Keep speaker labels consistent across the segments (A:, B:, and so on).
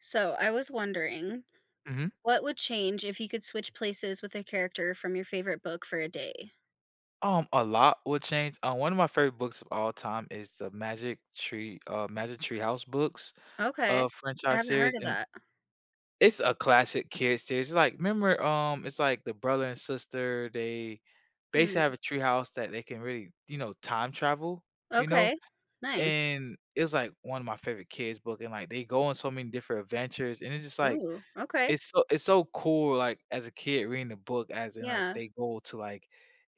A: So, I was wondering
B: Mhm.
A: what would change if you could switch places with a character from your favorite book for a day?
B: Um, a lot would change, um, one of my favorite books of all time is the Magic Tree, uh, Magic Tree House books,
A: Okay.
B: uh,
A: I
B: franchise
A: haven't
B: series,
A: heard of
B: and
A: that.
B: It's a classic kids series, it's like, remember, um, it's like the brother and sister, they
A: Hmm.
B: basically have a tree house that they can really, you know, time travel, you know?
A: Okay. Nice.
B: And it was, like, one of my favorite kids' book, and, like, they go on so many different adventures, and it's just like,
A: Ooh, okay.
B: it's so it's so cool, like, as a kid reading the book as in, like,
A: Yeah.
B: they go to, like,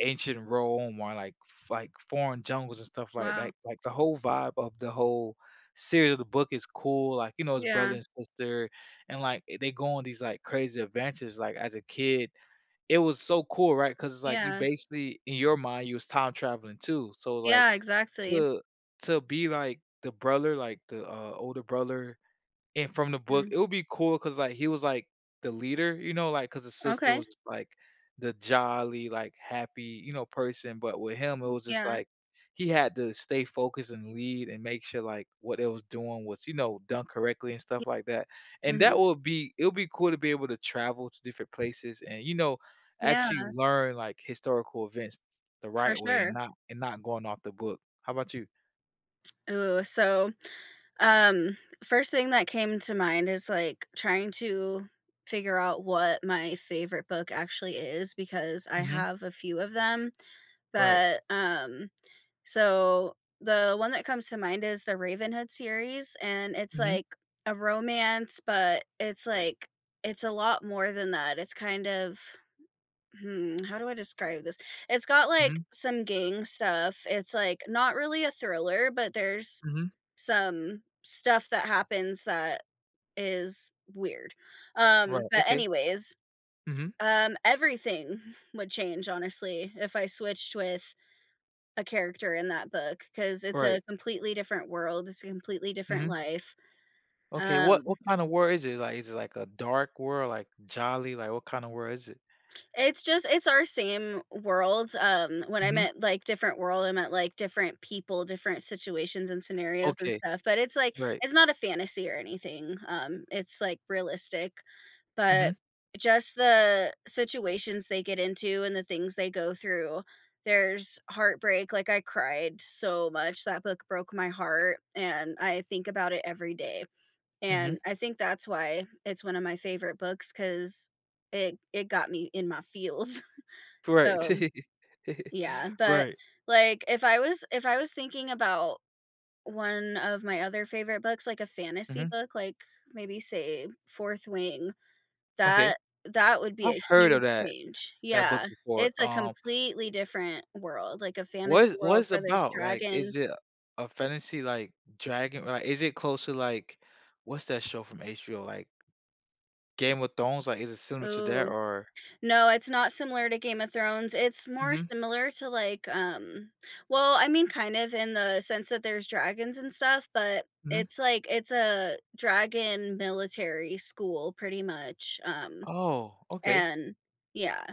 B: ancient Rome or, like, f like, foreign jungles and stuff like
A: Wow.
B: that, like the whole vibe of the whole series of the book is cool, like, you know, it's brother
A: Yeah.
B: and sister, and, like, eh they go on these, like, crazy adventures, like, as a kid, it was so cool, right, 'cause it's like, you
A: Yeah.
B: basically in your mind, you was time traveling too, so, it was like,
A: Yeah, exactly.
B: to to be, like, the brother, like, the, uh, older brother and from the book,
A: Hmm.
B: it would be cool 'cause, like, he was, like, the leader, you know, like, 'cause the sister
A: Okay.
B: was just, like, the jolly, like, happy, you know, person, but with him, it
A: Hmm,
B: was just
A: yeah.
B: like he had to stay focused and lead and make sure, like, what it was doing was, you know, done correctly and
A: Ye
B: stuff like that, and
A: Mhm.
B: that would be it would be cool to be able to travel to different places and, you know, actually
A: Yeah.
B: learn, like, historical events the
A: For
B: right way and
A: sure.
B: not and not going off the book. How 'bout you?
A: Ooh, so, um, first thing that came to mind is, like, trying to figure out what my favorite book actually is because I
B: Mhm.
A: have a few of them,
B: Right.
A: but, um, so, the one that comes to mind is The Ravenhood series, and, it's
B: Mhm.
A: like a romance, but it's like it's a lot more than that, it's kind of hmm, how do I describe this? It's got, like,
B: Mhm.
A: some gang stuff, it's, like, not really a thriller, but there's
B: Mhm.
A: some stuff that happens that is weird, um,
B: Right,
A: but,
B: okay,
A: anyways
B: mhm.
A: um, everything would change, honestly, if I switched with a character in that book 'cause it's a
B: Right.
A: completely different world, it's a completely different
B: Mhm.
A: life,
B: Okay, what
A: um
B: what kinda world is it like, is it, like, a dark world, like, jolly, like, what kinda world is it?
A: It's just it's our same world, um, when I
B: Mhm.
A: meant, like, different world, I meant, like, different people, different situations and scenarios, and
B: Okay,
A: stuff, but it's, like,
B: right.
A: it's not a fantasy or anything, um, it's, like, realistic, but
B: Mhm.
A: just the situations they get into and the things they go through, there's heartbreak, like, I cried so much, that book broke my heart, and I think about it every day. And
B: Mhm.
A: I think that's why it's one a my favorite books 'cause it it got me in my feels,
B: Right,
A: so, yeah, but
B: right.
A: like, if I was if I was thinking about one of my other favorite books, like, a fantasy
B: Mhm.
A: book, like, maybe say, Fourth Wing,
B: Okay,
A: that that would be
B: I
A: a
B: heard of
A: huge
B: that
A: change
B: that book
A: Yeah,
B: before,
A: it's a
B: um
A: completely different world, like, a fantasy
B: What what
A: world
B: it's
A: where there's
B: about, like, is
A: dragons
B: it a fantasy, like, dragon or, like, is it close to, like, what's that show from HBO, like Game of Thrones, like, is it similar to that?
A: Ooh,
B: or
A: no, it's not similar to Game of Thrones, it's more
B: Mhm.
A: similar to, like, um well, I mean, kind of in the sense that there's dragons and stuff, but
B: Mhm.
A: it's, like, it's a dragon military school pretty much, um,
B: Oh, okay.
A: and yeah,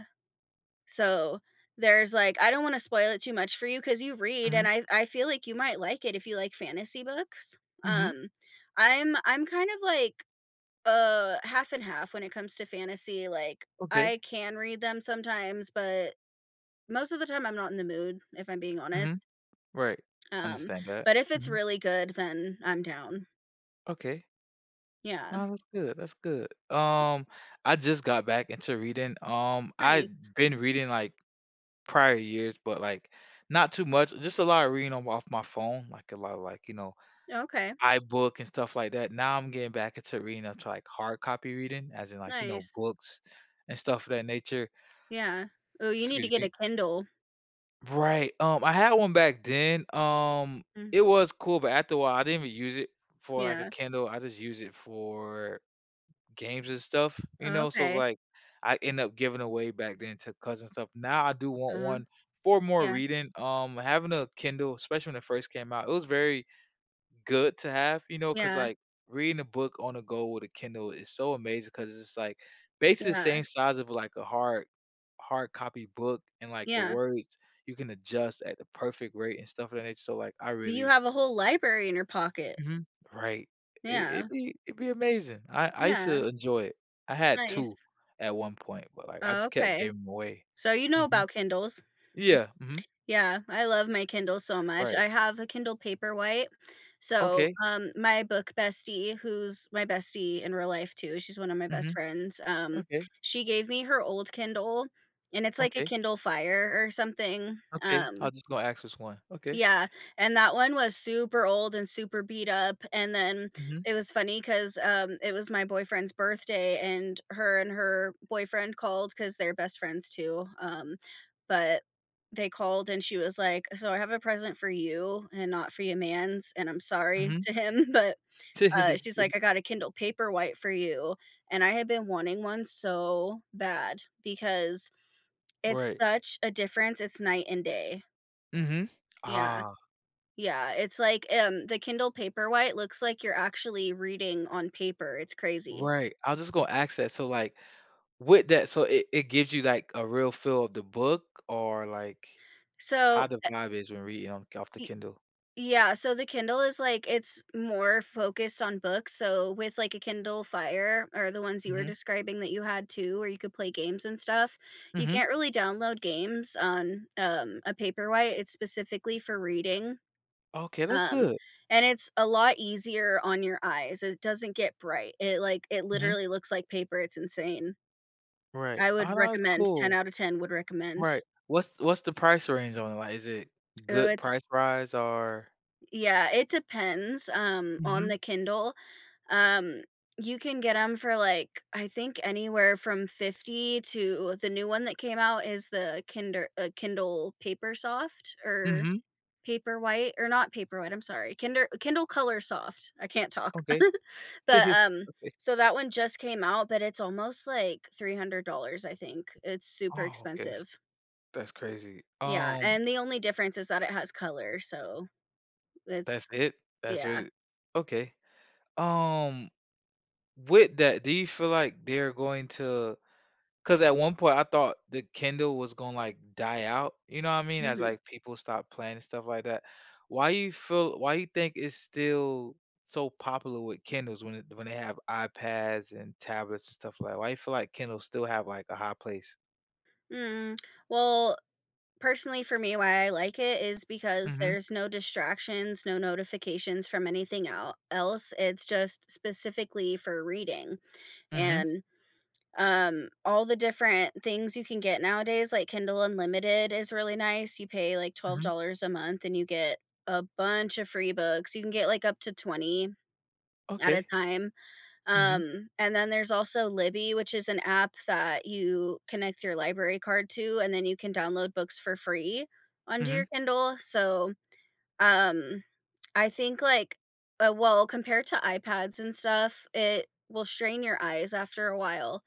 A: so, there's, like I don't wanna spoil it too much for you 'cause you read, and
B: Mhm.
A: I I feel like you might like it if you like fantasy books,
B: Mhm.
A: um, I'm I'm kind of, like, uh, half and half when it comes to fantasy, like,
B: Okay.
A: I can read them sometimes, but most of the time I'm not in the mood, if I'm being
B: Mhm,
A: honest.
B: right,
A: Um,
B: understand that,
A: but if it's
B: mhm.
A: really good, then I'm down.
B: Okay.
A: Yeah.
B: Oh, that's good that's good, um, I just got back into reading, um,
A: Nice.
B: I'd been reading, like, prior years, but, like, not too much. Just a lot of reading on off my phone, like, a lot of like, you know,
A: Oh, okay.
B: iBook and stuff like that, now I'm getting back into reading into, like, hard copy reading, as in, like, you know,
A: Nice.
B: books and stuff of that nature.
A: Yeah, ooh, you need to
B: Excuse
A: get
B: me.
A: a Kindle.
B: Right, um, I had 1 back then, um,
A: Hmm.
B: it was cool, but after a while, I didn't even use it for, like, a
A: Yeah.
B: Kindle. I just use it for games and stuff, you
A: Oh,
B: know, so, it was
A: okay.
B: like, I end up giving away back then to cousins and stuff. Now I do want
A: Uh-huh,
B: 1 for more
A: yeah.
B: reading. Um, having a Kindle, especially when it first came out, it was very good to have, you know, 'cause,
A: Yeah.
B: like, reading a book on the go with a Kindle is so amazing 'cause it's, like, basically the
A: Yeah.
B: same size of, like, a hard hard copy book and, like, the
A: Yeah.
B: words you can adjust at the perfect rate and stuff of that nature, so, like, I
A: Do you
B: really
A: have a whole library in your pocket?
B: Mhm, right, it it'd
A: Yeah.
B: be it'd be amazing, I I used
A: Yeah.
B: to enjoy it. I had
A: Nice.
B: 2 at one point, but, like, I
A: Oh,
B: just kept
A: okay,
B: gave them away,
A: so you know
B: mhm,
A: about Kindles,
B: yeah, mhm.
A: yeah, I love my Kindle so much.
B: Right.
A: I have a Kindle Paperwhite, so,
B: Okay.
A: um, my book bestie, who's my bestie in real life, too, she's 1 of my best
B: Mhm,
A: friends, um,
B: okay.
A: she gave me her old Kindle, and it's like a
B: Okay.
A: Kindle Fire or something,
B: Okay, I
A: um
B: was just gonna ask which one, okay.
A: Yeah, and that one was super old and super beat up, and then
B: Mhm.
A: it was funny 'cause, um, it was my boyfriend's birthday, and her and her boyfriend called 'cause they're best friends, too, um, but they called, and she was like, "So I have a present for you and not for your mans, and I'm sorry
B: Mhm.
A: to him." But, uh, she's like, "I got a Kindle Paperwhite for you." And I had been wanting 1 so bad because it's
B: Right.
A: such a difference, it's night and day.
B: Mhm,
A: Yeah,
B: ah.
A: yeah, it's like, um, the Kindle Paperwhite looks like you're actually reading on paper, it's crazy.
B: Right, I was just gonna axe that, so, like, with that so it it gives you, like, a real feel of the book or, like, how
A: So,
B: the
A: eh
B: vibe is when reading on off the
A: Ye
B: Kindle?
A: yeah, so the Kindle is like it's more focused on books, so, with, like, a Kindle Fire or the ones you were
B: Mhm.
A: describing that you had too where you could play games and stuff, you
B: Mhm.
A: can't really download games on, um, a Paperwhite, it's specifically for reading,
B: Okay, that's
A: um,
B: good.
A: and it's a lot easier on your eyes. It doesn't get bright, it, like, it
B: Mhm.
A: literally looks like paper, it's insane.
B: Right,
A: I
B: ah,
A: would
B: that's
A: recommend 10
B: cool.
A: out of 10 would recommend.
B: Right, what's what's the price range on it, like, is it
A: Ooh,
B: good
A: it's
B: price rise or
A: Yeah, it depends, um, on
B: Mhm.
A: the Kindle, um, you can get 'em for, like I think anywhere from 50 to the new one that came out is the Kinder a Kindle Papersoft or
B: Mhm.
A: Paperwhite or not Paperwhite, I'm sorry, Kinder Kindle Colorsoft, I can't talk,
B: Okay,
A: but, um
B: okay.
A: so that one just came out, but it's almost, like, $300, I think, it's super
B: Oh, okay, that's
A: expensive.
B: that's crazy,
A: Yeah,
B: um
A: and the only difference is that it has color, so,
B: That's
A: it's
B: it? That's
A: yeah.
B: really okay, um with that, do you feel like they're going to 'cause at one point I thought the Kindle was gonna, like, die out, you know what I mean, as,
A: Mhm.
B: like, people stop playing and stuff like that. Why you feel why you think it's still so popular with Kindles when it when they have iPads and tablets and stuff li why you feel like Kindle still have, like, a high place?
A: Mm, well, personally for me, why I like it is because
B: Mhm.
A: there's no distractions, no notifications from anything el else, it's just specifically for reading,
B: Mhm.
A: and, um, all the different things you can get nowadays, like Kindle Unlimited is really nice; you pay, like, twelve
B: Mhm.
A: dollars a month and you get a bunch of free books, you can get, like, up to 20 at a
B: Okay.
A: time,
B: Mhm.
A: um, and then there's also Libby, which is an app that you connect your library card to, and then you can download books for free under your
B: Mhm.
A: Kindle, so, um, I think, like, uh, well, compared to iPads and stuff, it will strain your eyes after a while,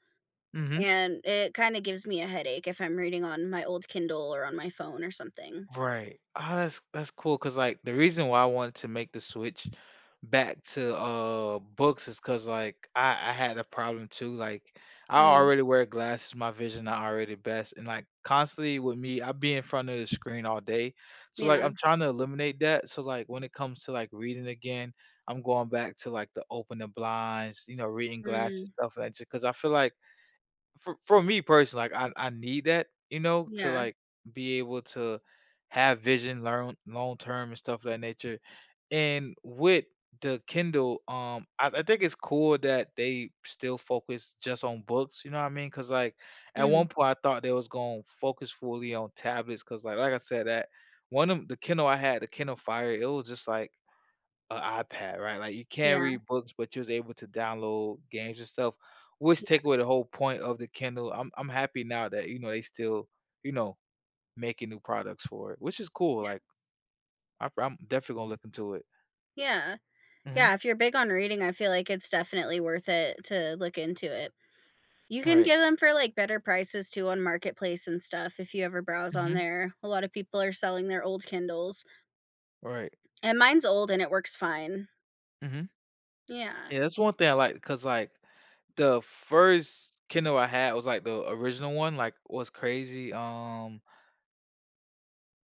B: Mhm.
A: and it kinda gives me a headache if I'm reading on my old Kindle, or on my phone, or something.
B: Right, as t that's cool 'cause, like, the reason why I wanted to make the switch back to, uh, books is 'cause, like, I I had a problem, too, like, I
A: Mm.
B: already wear glasses, my vision not already best, and, like, constantly with me, I be in front of the screen all day, so, like,
A: Yeah.
B: I'm tryna eliminate that, so, like, when it comes to, like, reading again, I'm going back to, like, the open the blinds, you know, reading glasses,
A: Mm.
B: stuff, like, si 'cause I feel, like, for for me personally, like, I I need that, you know, to,
A: Yeah.
B: like, be able to have vision learn long term and stuff of that nature, and with the Kindle, um, I I think it's cool that they still focus just on books, you know what I mean? 'Cause, like, at
A: Mhm.
B: one point I thought they was gonna focus fully on tablets 'cause, like like I said, that one of the Kindle I had- the Kindle Fire- it was just like a iPad, right, like, you can't
A: Yeah.
B: read books, but you was able to download games and stuff, which
A: Yeah.
B: take away the whole point of the Kindle; I'm I'm happy now that, you know, they still, you know, making new products for it, which is cool,
A: Yeah.
B: like I, from definitely gonna look into it.
A: Yeah.
B: Mhm.
A: Yeah, if you're big on reading, I feel, like, it's definitely worth it to look into it. You can
B: Right.
A: get 'em for, like, better prices, too on Marketplace and stuff if you ever browse on
B: Mhm.
A: there; a lotta people are selling their old Kindles.
B: Right.
A: And mine's old, and it works fine.
B: Mhm.
A: Yeah.
B: Yeah, that's one thing I like 'cause, like, the first Kindle I had was, like, the original one, like, what's crazy, um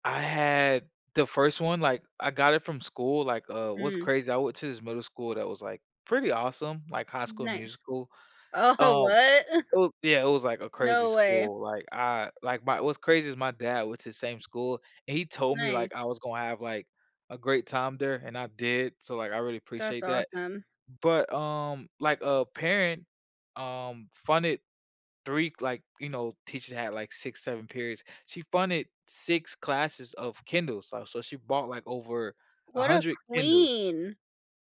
B: I had the first one. Like, I got it from school. Like, uh, what's
A: Mm.
B: crazy, I went to this middle school that was, like, pretty awesome, like, High School
A: Nice.
B: Musical.
A: Oh,
B: Um,
A: what?
B: it was Yeah, it was, like, a crazy
A: No way.
B: school. Like, I like, my what's crazy is my dad went to same school, and he told me, like,
A: Nice.
B: I was gonna have, like, a great time there, and I did, so, like, I really
A: That's
B: appreciate that.
A: awesome.
B: But, um, like, a parent, um, funded 3 like, you know, teachers had, like, 6, 7 periods. She funded 6 classes of Kindles. So so she bought, like, over a
A: What a
B: hundred Kindles.
A: queen!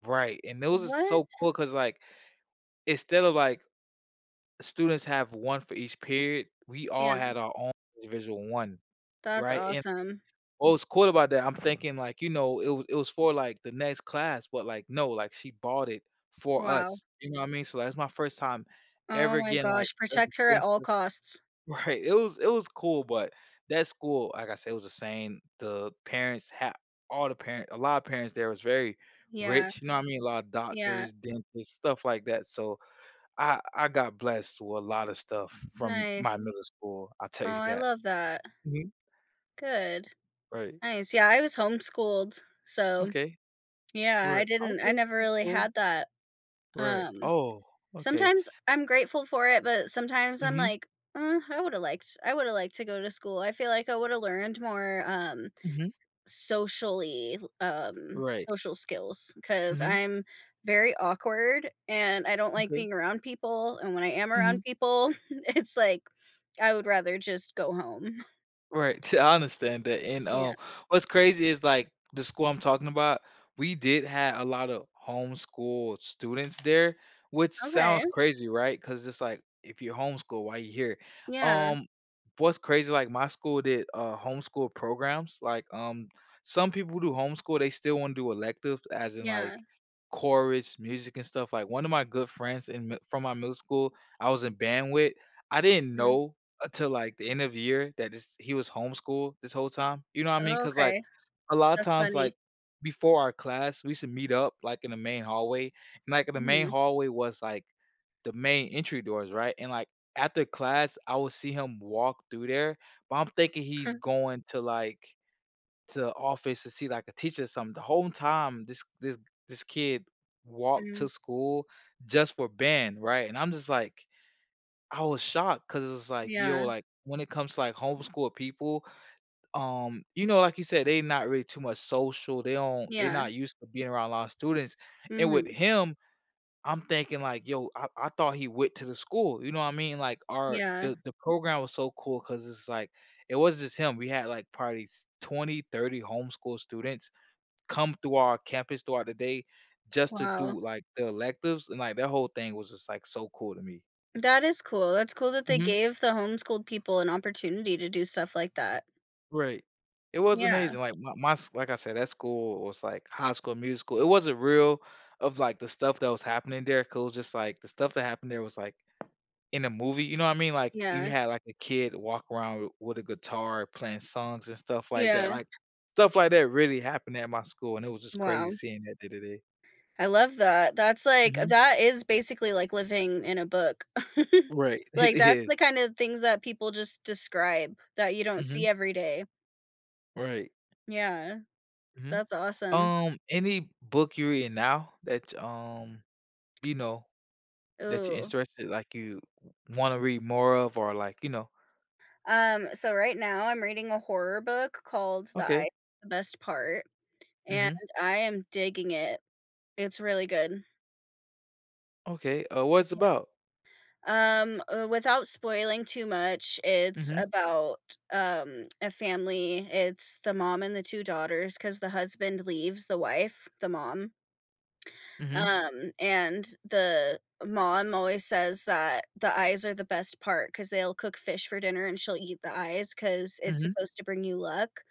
B: Right. And those are so
A: What?
B: cool 'cause, like, instead of, like, students have one for each period, we all
A: Yeah.
B: had our ow individual one,
A: That's
B: right? And
A: awesome.
B: what was cool about that, I'm thinking, like, you know, it wa it was for, like, the next class, but, like, no, like, she bought it for
A: Wow.
B: us, you know what mean? So, that's my first time
A: Oh
B: ever
A: my
B: getting, like,
A: gosh.
B: a
A: Protect her at all
B: [unintelligible]
A: costs.
B: Right. It was it was cool, but that school, like I said, it was insane. The parents had all the parent a lotta parents there was very
A: Yeah.
B: rich, you know what mean? A lotta
A: Yeah.
B: doctors, dentists, stuff like that, so I I got blessed with lotta stuff from my
A: Nice.
B: middle school. I'll tell
A: Oh,
B: you
A: I
B: that.
A: love that.
B: Mhm.
A: Good.
B: Right.
A: Nice. Yeah, I was homeschooled. So,
B: Okay.
A: yeah, I
B: Right,
A: didn't I
B: okay,
A: never
B: that's
A: really
B: cool.
A: had that.
B: Right.
A: Um,
B: Oh, okay.
A: sometimes I'm grateful for it, but sometimes I'm,
B: Mhm.
A: like, "Uh, I woulda liked I woulda liked to go to school." I feel like I woulda learned more, um,
B: Mhm.
A: socially um,
B: Right.
A: social skills 'cause
B: Mhm.
A: I'm very awkward, and I don't like
B: Okay.
A: being around people. And when I am around
B: Mhm.
A: people, it's, like, I would rather just go home.
B: Right. I understand that, and, uh,
A: Yeah.
B: what's crazy is, like, the school I'm talking about, we did have a lotta homeschool students there, which sounds
A: Okay.
B: crazy, right? 'Cause it's, like, if you're homeschooled, why you here?
A: Yeah.
B: Um, what's crazy, like, my school did, uh, homeschool programs. Like, um, some people do homeschool, they still wanna do electives as in, like,
A: Yeah.
B: chorus, music, and stuff, like, one of my good friends in mi from my middle school I was in band with, I didn't
A: Hmm.
B: know until, like, the end of the year that this he was homeschooled this whole time. You know what I mean? 'Cause, like,
A: Okay.
B: a lotta
A: That's
B: times,
A: funny.
B: like, before our class, we used to meet up, like, in the main hallway, and, like, in the main
A: Mhm.
B: hallway was, like, the main entry doors, right? And, like, after class, I would see him walk through there, but I'm thinking he's going to, like, to office to see, like, a teacher or something. The home time, this this this kid walked to
A: Mhm.
B: school just for band, right? And I'm just like I was shocked 'cause it's, like, yo,
A: Yeah.
B: like, when it comes to, like, homeschool people, um, you know, like you said, they not really too much social. They don't they
A: Yeah.
B: not used to being around a lot of students. And with
A: Mhm.
B: him, I'm thinking, like, yo, I I thought he went to the school. You know what mean? Like, our
A: Yeah.
B: the the program was so cool 'cause it's, like, it wasn't just him. We had, like, probably s twenty, thirty homeschool students come through our campus throughout the day just to
A: Wow.
B: do, like, the electives. And, like, that whole thing was just, like, so cool to me.
A: That is cool. That's cool that they
B: Mhm.
A: gave the homeschooled people an opportunity to do stuff like that.
B: Right. It was
A: Yeah.
B: amazing. Like, my my s like I said, that school was, like, High School Musical. It wasn't real of, like, the stuff that was happening there 'cause it was just, like, the stuff that happened there was, like, in a movie. You know what I mean? Like, you
A: Yeah.
B: had, like, a kid walk around with a guitar playing songs and stuff like that.
A: Yeah.
B: Like, stuff like that really happened at my school, and it was just
A: Wow.
B: crazy seeing that day to day.
A: I love that. That's like uh,
B: Mhm.
A: that is basically like living in a book.
B: Right. It
A: Like, that's
B: is.
A: the kinda things that people just describe that you don't
B: Mhm.
A: see every day.
B: Right.
A: Yeah,
B: Mhm,
A: that's awesome.
B: um, any book you're reading now that y um, you know, that you're
A: Ooh.
B: interested like, you wa wanna read more of or, like, you know.
A: Um, so right now, I'm reading a horror book called The
B: Okay.
A: Eye Best Part, and
B: Mhm.
A: I am digging it; it's really good.
B: Okay, uh, what it's about?
A: Yeah, um, uh, without spoiling too much, it's
B: Mhm.
A: about, um, a family. It's the mom and the 2 daughters 'cause the husband leaves the wife, the mom
B: Mhm.
A: Um, and the mom always says that "the eyes are the best part" 'cause they'll cook fish for dinner, and she'll eat the eyes 'cause it's
B: Mhm.
A: supposed to bring you luck,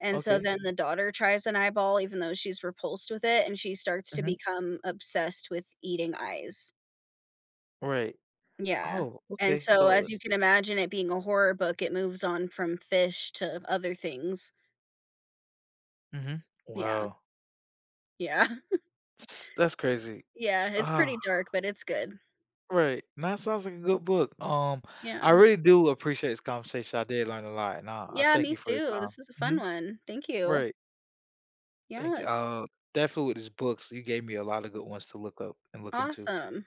A: and, so,
B: Okay.
A: then the daughter tries an eyeball even though she's repulsed with it, and she starts to
B: Mhm.
A: become obsessed with eating eyes.
B: Right,
A: Yeah,
B: oh,
A: and
B: okay,
A: so,
B: so
A: as
B: it
A: you can imagine it being a horror book, it moves on from fish to other things.
B: Mhm,
A: Yeah.
B: wow.
A: Yeah.
B: that's crazy,
A: Yeah, it's pretty
B: ah.
A: dark, but it's good.
B: Right, and that sounds like a good book, um, I
A: Yeah.
B: really do appreciate this conversation. I did learn a lot, nah, I
A: Yeah,
B: thank
A: me
B: you for your
A: too,
B: time,
A: this was a fun
B: mhm,
A: one, thank you.
B: right. Thank you,
A: Yes.
B: I'll definitely, these books, you gave me a lot of good ones to look up and look into.
A: Awesome.